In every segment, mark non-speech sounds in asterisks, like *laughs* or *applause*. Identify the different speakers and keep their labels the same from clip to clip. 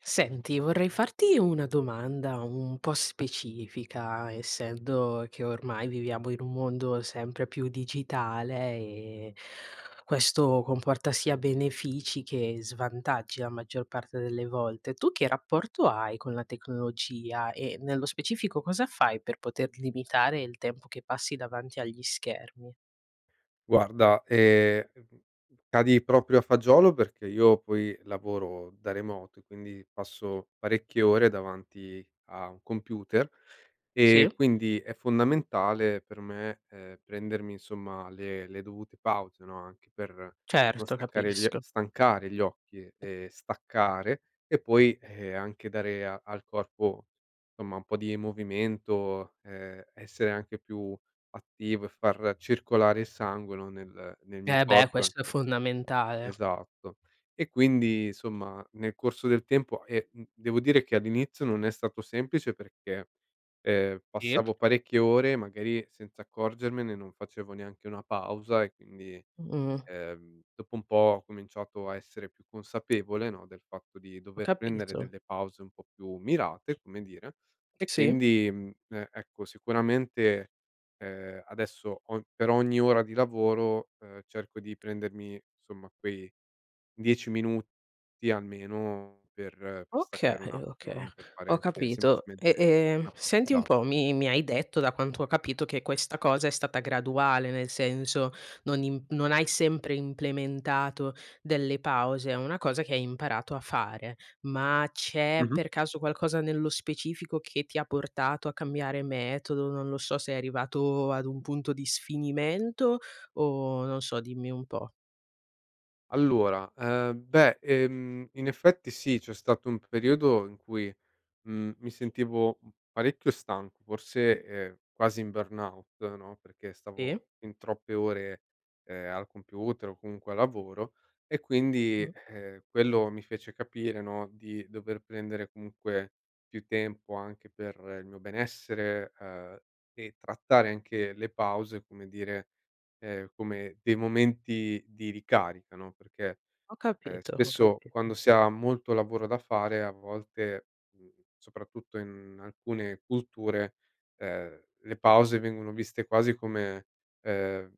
Speaker 1: Senti vorrei farti una domanda un po' specifica, essendo che ormai viviamo in un mondo sempre più digitale e questo comporta sia benefici che svantaggi la maggior parte delle volte. Tu che rapporto hai con la tecnologia e, nello specifico, cosa fai per poter limitare il tempo che passi davanti agli schermi?
Speaker 2: Guarda, ehm, mhmm, cadi proprio a fagiolo perché io poi lavoro da remoto e quindi passo parecchie ore davanti a un computer e
Speaker 1: Sì.
Speaker 2: quindi è fondamentale per me, ehm, prendermi, insomma, le le dovute pause, no, anche per non
Speaker 1: Certo,
Speaker 2: staccare gli oc
Speaker 1: capisco.
Speaker 2: stancare gli occhi e staccare e poi, ehm, anche dare a al corpo, somma, un po' di movimento, ehm, essere anche più attivo e far circolare il sangue, no, nel nel mio
Speaker 1: Eh beh,
Speaker 2: corpo
Speaker 1: questo è
Speaker 2: anche.
Speaker 1: fondamentale.
Speaker 2: Esatto. E quindi, insomma, nel corso del tempo e, mhmm, devo dire che all'inizio non è stato semplice perché, ehm,
Speaker 1: Sì.
Speaker 2: passavo parecchie ore magari senza accorgermene, non facevo neanche una pausa e quindi,
Speaker 1: Mh.
Speaker 2: ehm, dopo un po' ho cominciato a essere più consapevole, no, del fatto di
Speaker 1: Ho
Speaker 2: dover prendere
Speaker 1: capito.
Speaker 2: delle pause un po' più mirate, come dire, e
Speaker 1: Sì.
Speaker 2: quindi, mhmm, e ecco, sicuramente, ehm, adesso ogn per ogni ora di lavoro, ehm, cerco di
Speaker 1: *smacks lips*
Speaker 2: prendermi, insomma, quei 10 minuti almeno per per
Speaker 1: Okay
Speaker 2: staccare un attimo,
Speaker 1: okay.
Speaker 2: no, per fare
Speaker 1: Ho
Speaker 2: anche
Speaker 1: capito.
Speaker 2: semplicemente
Speaker 1: E e
Speaker 2: una
Speaker 1: senti un po',
Speaker 2: passeggiata.
Speaker 1: mi mi hai detto da quanto ho capito che questa cosa è stata graduale, nel senso non im non hai sempre implementato delle pause, è una cosa che hai imparato a fare. Ma
Speaker 2: Mh
Speaker 1: c'è
Speaker 2: mh.
Speaker 1: per caso qualcosa nello specifico che ti ha portato a cambiare metodo? Non lo so, sei arrivato ad un punto di sfinimento? O non so dimmi un po'?
Speaker 2: Allora, ehm, beh, ehm, in effetti sì, c'è stato un periodo in cui, mhmm, mi sentivo, mhmm, parecchio stanco, forse, ehm, quasi in burnout, no, perché
Speaker 1: Sì.
Speaker 2: stavo fin troppe ore, ehm, al computer o comunque al lavoro e
Speaker 1: Mh
Speaker 2: quindi,
Speaker 1: mh.
Speaker 2: ehm, quello mi fece capire, no, di dover prendere comunque più tempo anche per il mio benessere, ehm, e trattare anche le pause, come dire, ehm, come dei momenti di ricarica, no. Perché,
Speaker 1: Ho
Speaker 2: ehm,
Speaker 1: capito, ho
Speaker 2: spesso, quando
Speaker 1: capito.
Speaker 2: si ha molto lavoro da fare, a volte, mhmm, soprattutto in alcune culture, ehm, le pause vengono viste quasi come, ehm,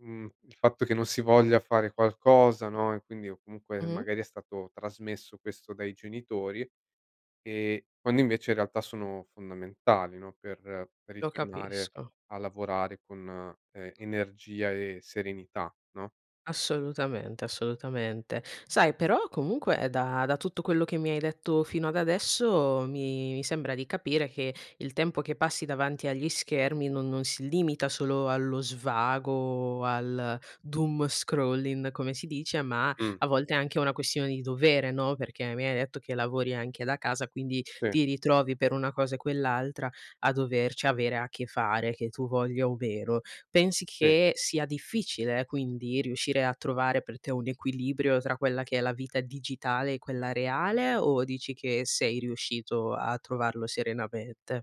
Speaker 2: mhmm, il fatto che non si voglia fare qualcosa, no, e quindi o
Speaker 1: Mh
Speaker 2: comunque,
Speaker 1: mh.
Speaker 2: magari, è stato trasmesso questo dai genitori, ehm, quando invece in realtà sono fondamentali, no, per per
Speaker 1: Lo
Speaker 2: ritornare
Speaker 1: capisco.
Speaker 2: a lavorare con e energia e serenità, no?
Speaker 1: Assolutamente, assolutamente. Sai però, comunque, ehm, da da tutto quello che mi hai detto fino ad adesso, mi mi sembra di capire che il tempo che passi davanti agli schermi no non si limita solo allo svago o al doom scrolling come si dice ma
Speaker 2: Mh.
Speaker 1: a volte è anche una questione di dovere, no, perché mi hai detto che lavori anche da casa, quindi
Speaker 2: Sì.
Speaker 1: ti ritrovi per una cosa e quell'altra a doverci avere a che fare, che tu voglia o meno. Pensi
Speaker 2: Sì.
Speaker 1: che sia difficile quindi riuscire a trovare per te un equilibrio tra quella che è la vita digitale e quella reale, o dici che sei riuscito a trovarlo serenamente?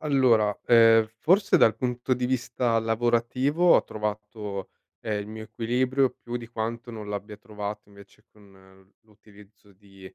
Speaker 2: Allora, ehm, forse dal punto di vista lavorativo ho trovato, ehm, il mio equilibrio più di quanto non l'abbia trovato invece con, mhmm, l'utilizzo di,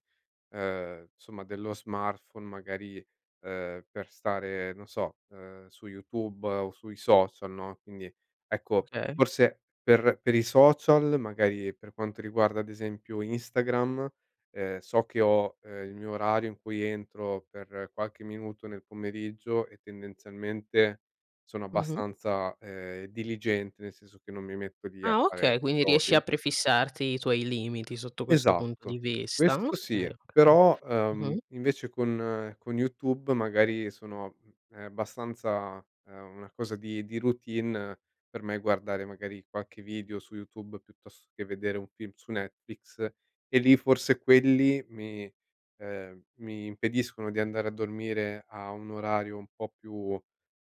Speaker 2: ehm, insomma, dello smartphone, magari, ehm, per stare, non so, ehm, su YouTube o sui social, no, quindi, ecco,
Speaker 1: Okay.
Speaker 2: forse per per i social, magari per quanto riguarda, ad esempio, Instagram, ehm, so che ho, ehm, il mio orario in cui entro per qualche minuto nel pomeriggio e tendenzialmente sono
Speaker 1: Mh mh.
Speaker 2: abbastanza, ehm, diligente, nel senso che non mi metto lì a
Speaker 1: Ah
Speaker 2: fare
Speaker 1: okay, quindi riesci
Speaker 2: scrolling.
Speaker 1: a prefissarti i tuoi limiti sotto questo punto
Speaker 2: Esatto.
Speaker 1: di vista,
Speaker 2: Questo
Speaker 1: okay
Speaker 2: sì,
Speaker 1: okay.
Speaker 2: però,
Speaker 1: Mh
Speaker 2: ehm,
Speaker 1: mh.
Speaker 2: invece con con YouTube magari sono, mhmm, ehm, abbastanza ehm, una cosa di di routine per me guardare magari qualche video su YouTube, piuttosto che vedere un film su Netflix, e lì forse quelli mi ehm, mi impediscono di andare a dormire a un orario un po' più,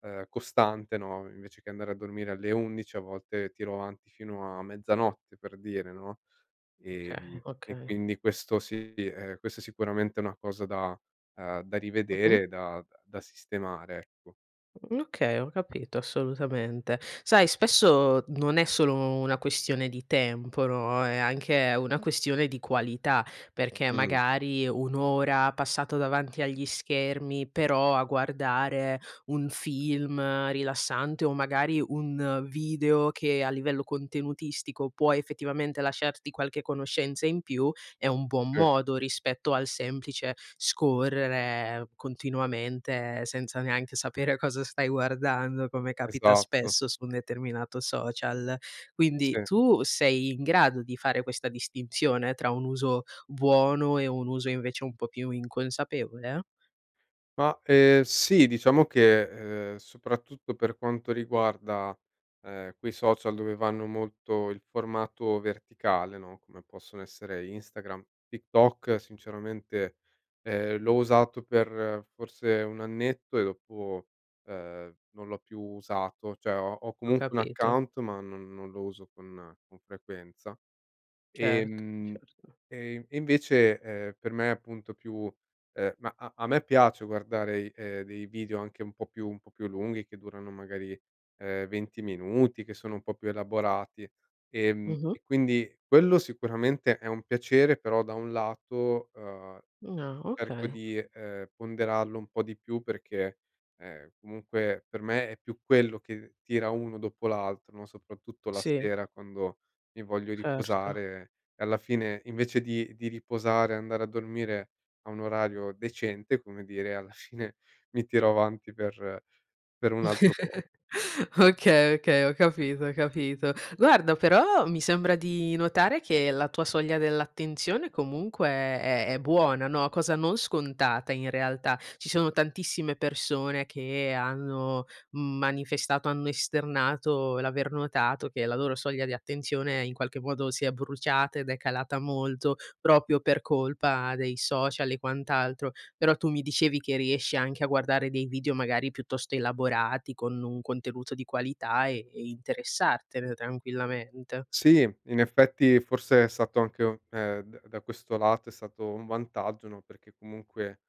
Speaker 2: ehm, costante, no, invece che andare a dormire alle 11 a volte tiro avanti fino a mezzanotte, per dire, no,
Speaker 1: Okay,
Speaker 2: ehm, e
Speaker 1: okay.
Speaker 2: quindi questo sì, ehm, questa sicuramente è una cosa da uhm, da
Speaker 1: Mh mh.
Speaker 2: rivedere, da da sistemare, ecco.
Speaker 1: Mhmm, okay, ho capito assolutamente. Sai spesso non è solo una questione di tempo, no, è anche una questione di qualità, perché
Speaker 2: Mh.
Speaker 1: magari un'ora passata davanti agli schermi, però a guardare un film rilassante o magari un video che a livello contenutistico può, effettivamente, lasciarti qualche conoscenza in più, è un buon
Speaker 2: Sì.
Speaker 1: modo rispetto al semplice scorrere continuamente, senza neanche sapere cosa stai guardando, come capita
Speaker 2: Esatto.
Speaker 1: spesso su un determinato social. Quindi
Speaker 2: Sì.
Speaker 1: tu sei in grado di fare questa distinzione tra un uso buono e un uso, invece, un po' più inconsapevole?
Speaker 2: Ma, ehm, sì, diciamo che, ehm, soprattutto per quanto riguarda, ehm, quei social dove vanno molto il formato verticale, no, come possono essere Instagram, TikTok, sinceramente, ehm, l'ho usato per forse un annetto e dopo, ehm, non l'ho più usato, cioè ho ho
Speaker 1: Ho
Speaker 2: comunque un
Speaker 1: capito.
Speaker 2: account ma non non lo uso con con frequenza.
Speaker 1: Certo,
Speaker 2: Ehm,
Speaker 1: certo.
Speaker 2: e e invece, ehm, per me appunto più ehm, ma a a me piace guardare, ehm, dei video anche un po' più un po' più lunghi, che durano magari, ehm, 20 minuti, che sono un po' più elaborati, ehm,
Speaker 1: Mh mh.
Speaker 2: e quindi quello sicuramente è un piacere, però da un lato, ehm,
Speaker 1: Mh n ah,
Speaker 2: cerco
Speaker 1: okay.
Speaker 2: di, ehm, ponderarlo un po' di più perché, ehm, comunque per me è più quello che tira uno dopo l'altro, no, soprattutto la
Speaker 1: Sì.
Speaker 2: sera quando mi voglio
Speaker 1: Certo.
Speaker 2: riposare e alla fine, invece di di riposare, andare a dormire a un orario decente, come dire, alla fine mi tiro avanti per per un altro po'.
Speaker 1: *laughs*
Speaker 2: Sì.
Speaker 1: Okay, okay, ho capito, ho capito. Guarda però mi sembra di notare che la tua soglia dell'attenzione comunque è è è buona no, cosa non scontata in realtà. Ci sono tantissime persone che hanno manifestato, hanno esternato, l'aver notato che la loro soglia di attenzione, in qualche modo, si è bruciata ed è calata molto proprio per colpa dei social e quant'altro. Però, tu mi dicevi che riesci anche a guardare dei video magari piuttosto elaborati con un contenuto di qualità e e interessartene, tranquillamente.
Speaker 2: Sì, in effetti forse è stato anche un uhm, d da questo lato è stato un vantaggio, no, perché comunque,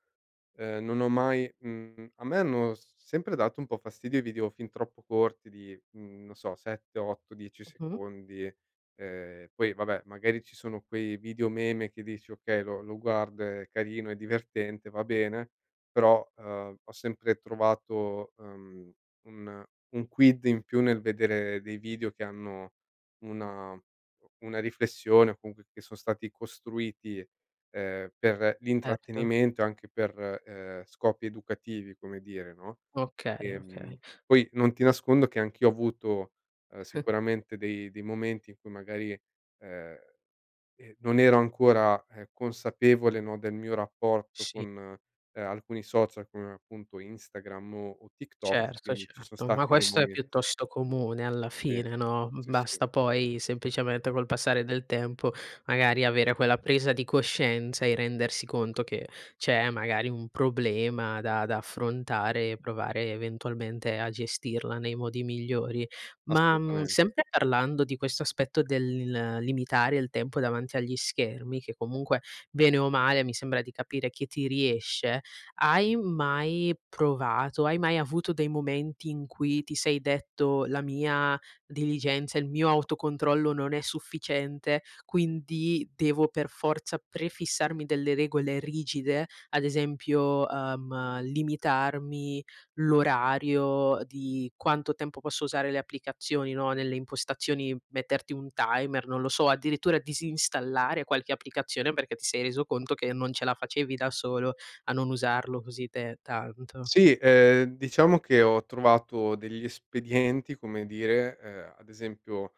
Speaker 2: ehm, non ho mai mhmm, a me hanno sempre dato un po' fastidio i video fin troppo corti, di, mhmm, non so, 7 , 8 , 10
Speaker 1: Mh mh.
Speaker 2: secondi, ehm, poi vabbè magari ci sono quei video meme che dici: "Okay, lo lo guardo, è carino, è divertente, va bene." Però, ehm, ho sempre trovato, ehm, un un quid in più nel vedere dei video che hanno una uhm, una riflessione o comunque che son stati costruiti, ehm, per
Speaker 1: Certo.
Speaker 2: l'intrattenimento, anche per, ehm, scopi educativi, come dire, no.
Speaker 1: Okay,
Speaker 2: Ehm,
Speaker 1: okay.
Speaker 2: poi non ti nascondo che anch'io ho avuto, ehm,
Speaker 1: *chuckles*
Speaker 2: sicuramente dei dei momenti in cui magari, ehm, eh, non ero ancora, uhm, consapevole, no, del mio rapporto
Speaker 1: Sì. *unintelligible*
Speaker 2: con alcuni social, come appunto Instagram o o TikTok,
Speaker 1: Certo,
Speaker 2: quindi ci son
Speaker 1: certo. Ma
Speaker 2: stati dei
Speaker 1: questo è
Speaker 2: momenti.
Speaker 1: piuttosto comune alla
Speaker 2: Sì,
Speaker 1: fine, no,
Speaker 2: sì, sì.
Speaker 1: basta poi semplicemente col passare del tempo, magari avere quella presa di coscienza e rendersi conto che c'è, magari, un problema da da affrontare e provare eventualmente a gestirla nei modi migliori. Ma, mhmm,
Speaker 2: Assolutamente.
Speaker 1: sempre parlando di questo aspetto del limitare il tempo davanti agli schermi, che comunque, bene o male, mi sembra di capire chi ti riesce, hai mai provato hai mai avuto dei momenti in cui ti sei detto: "La mia diligenza, il mio autocontrollo non è sufficiente, quindi devo per forza prefissarmi delle regole rigide?" Ad esempio, ehm: "Limitarmi l'orario di quanto tempo posso usare le applicazioni." No, nelle impostazioni, metterti un timer, non lo so, o addirittura disinstallare qualche applicazione perché ti sei reso conto che non ce la facevi da solo a non usarlo così per tanto?
Speaker 2: Sì, ehm, diciamo che ho trovato degli espedienti, come dire, ehm, ad esempio,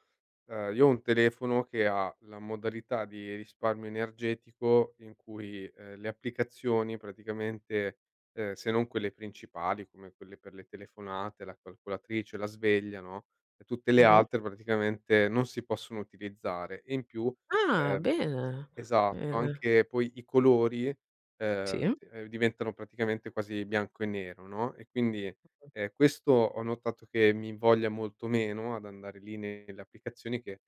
Speaker 2: ehm, io ho un telefono che ha la modalità di risparmio energetico in cui, ehm, le applicazioni praticamente, ehm, se non quelle principali come quelle per le telefonate, la calcolatrice, la sveglia, no, e tutte le
Speaker 1: Mh mh.
Speaker 2: altre praticamente non si possono utilizzare e in più
Speaker 1: Ah
Speaker 2: ehm,
Speaker 1: bene,
Speaker 2: esatto,
Speaker 1: bene.
Speaker 2: anche poi i colori, ehm,
Speaker 1: Sì.
Speaker 2: d ehm, diventano praticamente quasi bianco e nero, no, e quindi,
Speaker 1: Mh-mh.
Speaker 2: ehm, questo ho notato che mi invoglia molto meno ad andare lì nelle applicazioni, che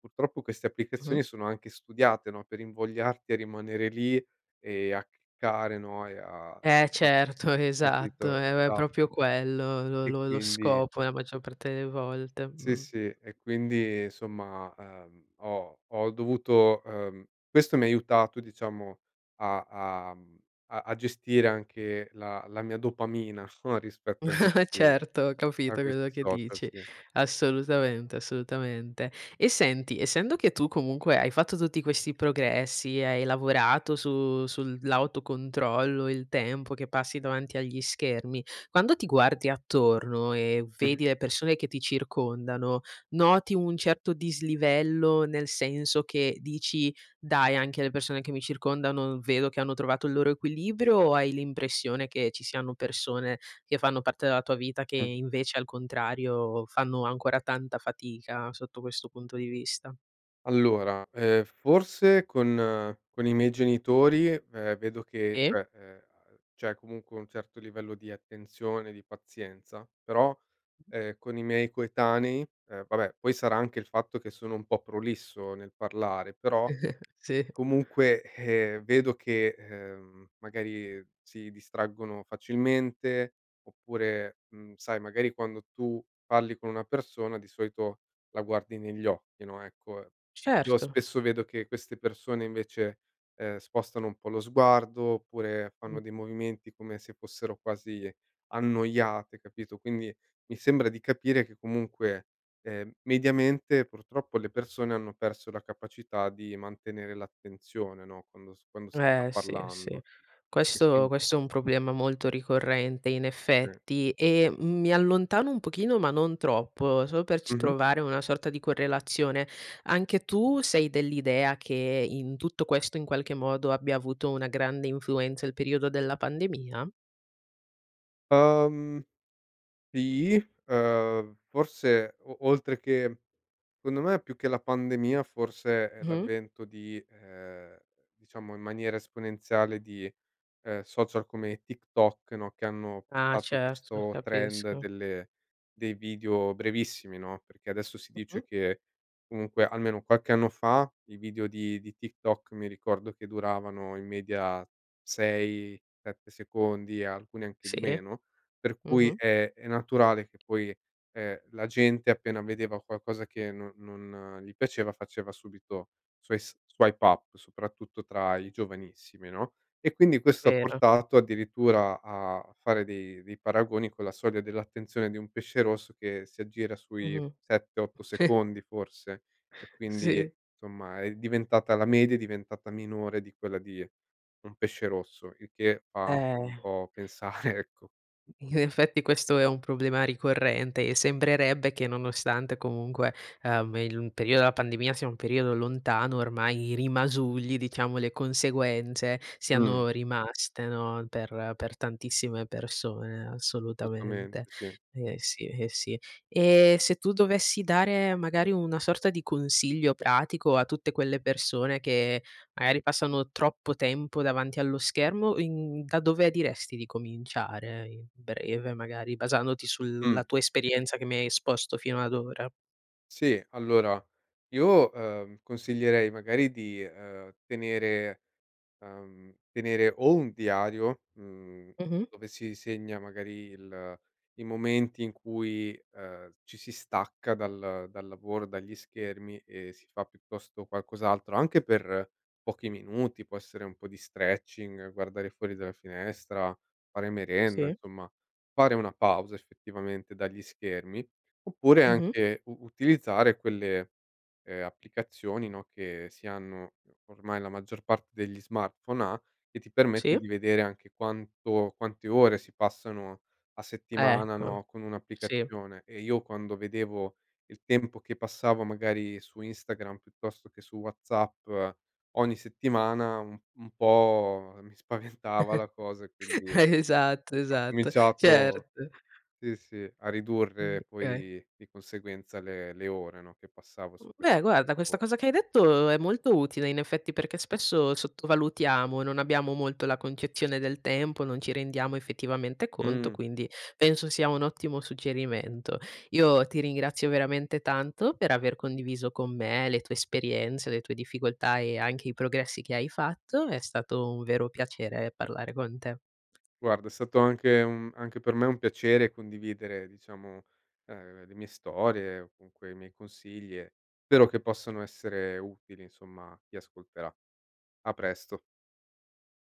Speaker 2: purtroppo queste
Speaker 1: Mh mh.
Speaker 2: applicazioni sono anche studiate, no, per invogliarti a rimanere lì e a cliccare, no, e a
Speaker 1: Eh certo, esatto.
Speaker 2: capito,
Speaker 1: È è proprio
Speaker 2: Esatto.
Speaker 1: quello lo
Speaker 2: E
Speaker 1: lo lo
Speaker 2: quindi
Speaker 1: scopo la maggior parte delle volte,
Speaker 2: Sì,
Speaker 1: mh.
Speaker 2: sì. E quindi insomma, uhm, ho ho dovuto ehm, questo mi ha aiutato a diciamo a a, mhmm, a a gestire anche la la mia dopamina o rispetto a
Speaker 1: *chuckles*
Speaker 2: questi
Speaker 1: Certo, ho
Speaker 2: a
Speaker 1: capito quello
Speaker 2: questi
Speaker 1: che
Speaker 2: social,
Speaker 1: dici,
Speaker 2: sì.
Speaker 1: assolutamente, assolutamente. E senti, essendo che tu comunque hai fatto tutti questi progressi e hai lavorato su sull'autocontrollo, il tempo che passi davanti agli schermi, quando ti guardi attorno e
Speaker 2: Mh mh.
Speaker 1: vedi le persone che ti circondano, noti un certo dislivello, nel senso che dici: "Dai anche le persone che mi circondano vedo che hanno trovato il loro equilibrio." O hai l'impressione che ci siano persone che fanno parte della tua vita che,
Speaker 2: Mh.
Speaker 1: invece, al contrario fanno ancora tanta fatica sotto questo punto di vista?
Speaker 2: Allora, ehm, forse con con i miei genitori, ehm, vedo che,
Speaker 1: Sì.
Speaker 2: cioè, c'è comunque un certo livello di attenzione, di pazienza. Però, ehm, con i miei coetanei ehm, vabbè, poi sarà anche il fatto che sono un po' prolisso nel parlare, però
Speaker 1: *chuckles* Sì.
Speaker 2: comunque, eh, vedo che, ehm, magari si distraggono facilmente oppure mhmm, sai, magari quando tu parli con una persona di solito la guardi negli occhi, no, ecco, io
Speaker 1: Certo.
Speaker 2: spesso vedo che queste persone invece, ehm, spostano un po' lo sguardo oppure fanno dei
Speaker 1: *unintelligible*
Speaker 2: movimenti come se fossero quasi annoiate, capito, quindi mi sembra di
Speaker 1: *unintelligible*
Speaker 2: capire che comunque, ehm, mediamente, purtroppo, le persone hanno perso la capacità di mantenere l'attenzione, no, quando s quando si sta
Speaker 1: Eh sì, sì.
Speaker 2: parlando e
Speaker 1: Questo
Speaker 2: quindi
Speaker 1: questo è un problema molto ricorrente in
Speaker 2: Sì.
Speaker 1: effetti. E mi allontano un pochino ma non troppo, solo per
Speaker 2: Mh
Speaker 1: c
Speaker 2: mh.
Speaker 1: trovare una sorta di correlazione. Anche tu sei dell'idea che in tutto questo, in qualche modo, abbia avuto una grande influenza il periodo della pandemia?
Speaker 2: Uhm, sì. Ehm, forse o oltre che secondo me, più che la pandemia, forse è
Speaker 1: Mh.
Speaker 2: l'avvento di ehm, diciamo in maniera esponenziale, di, ehm, social come TikTok, no, che hanno
Speaker 1: Ah
Speaker 2: portato
Speaker 1: certo, lo
Speaker 2: questo trend
Speaker 1: capisco.
Speaker 2: delle dei video brevissimi, no, perché adesso si
Speaker 1: Mh
Speaker 2: dice
Speaker 1: mh.
Speaker 2: che comunque almeno qualche anno fa i video di di TikTok, mi ricordo, che duravano in media 6, 7 secondi, alcuni anche
Speaker 1: Sì.
Speaker 2: di meno, per
Speaker 1: Mh
Speaker 2: cui
Speaker 1: mh.
Speaker 2: è è naturale che poi, ehm, la gente appena vedeva qualcosa che non non gli piaceva facesse subito sois swipe up, soprattutto tra i giovanissimi, no, e quindi questo ha
Speaker 1: Vero.
Speaker 2: portato addirittura a a fare dei dei paragoni con la soglia dell'attenzione di un pesce rosso che si aggira
Speaker 1: Mh
Speaker 2: sui 7, 8
Speaker 1: mh. *chuckles*
Speaker 2: secondi, forse, e quindi,
Speaker 1: Sì.
Speaker 2: insomma, è diventata la media, è diventata minore di quella di un pesce rosso, il che fa
Speaker 1: Eh.
Speaker 2: un po' pensare, ecco.
Speaker 1: In effetti questo è un problema ricorrente e sembrerebbe che nonostante comunque, ehm, il m periodo della pandemia sia un periodo lontano ormai, i rimasugli diciamo, le conseguenze
Speaker 2: Mh.
Speaker 1: siano rimaste, no, per per tantissime persone
Speaker 2: *unintelligible*
Speaker 1: assolutamente.
Speaker 2: Sì.
Speaker 1: Eh, sì, eh, sì. E se tu dovessi dare, magari una sorta di consiglio pratico a tutte quelle persone che, magari, passano troppo tempo davanti allo schermo, in da dove diresti di cominciare in breve, magari basandoti sulla
Speaker 2: Mh.
Speaker 1: tua esperienza che mi hai esposto fino ad ora?
Speaker 2: Sì, allora io, ehm, consiglierei magari di, ehm, tenere, uhm, tenere o un diario, mhmm,
Speaker 1: Mh mh.
Speaker 2: dove si segna magari il i momenti in cui, ehm, ci si stacca dal dal lavoro, dagli schermi e si fa piuttosto qualcos'altro, anche per pochi minuti, può essere un po' di stretching, guardare fuori dalla finestra, fare merenda,
Speaker 1: Sì.
Speaker 2: insomma, fare una pausa effettivamente dagli schermi. Oppure
Speaker 1: Mh mh.
Speaker 2: anche u utilizzare quelle, ehm, applicazioni, no, che si hanno ormai, la maggior parte degli smartphone ha, e ti permette
Speaker 1: Sì.
Speaker 2: di vedere anche quanto quante ore si passano a settimana,
Speaker 1: Ecco.
Speaker 2: no, con
Speaker 1: Sì.
Speaker 2: un'applicazione e io quando vedevo il tempo che passavo magari su Instagram piuttosto che su WhatsApp ogni settimana, u un po' mi spaventava la cosa e quindi
Speaker 1: *chuckles*
Speaker 2: ho
Speaker 1: Esatto, esatto.
Speaker 2: cominciato,
Speaker 1: Certo.
Speaker 2: sì, sì, a
Speaker 1: Mh,
Speaker 2: ridurre
Speaker 1: okay.
Speaker 2: poi di conseguenza le le ore, no, che passavo su
Speaker 1: Mh,
Speaker 2: queste
Speaker 1: beh, guarda questa
Speaker 2: piattafor
Speaker 1: cosa che hai detto è molto utile in effetti, perché spesso sottovalutiamo, non abbiamo molto la concezione del tempo, non ci rendiamo effettivamente conto,
Speaker 2: Mh.
Speaker 1: quindi penso sia un ottimo suggerimento. Io ti ringrazio veramente tanto per aver condiviso con me le tue esperienze le tue difficoltà e anche i progressi che hai fatto. È stato un vero piacere parlare con te.
Speaker 2: Guarda è stato anche un anche per me un piacere condividere, diciamo, ehm, le mie storie o comunque i miei consigli, e spero che possano essere utili, insomma, a chi ascolterà. A presto.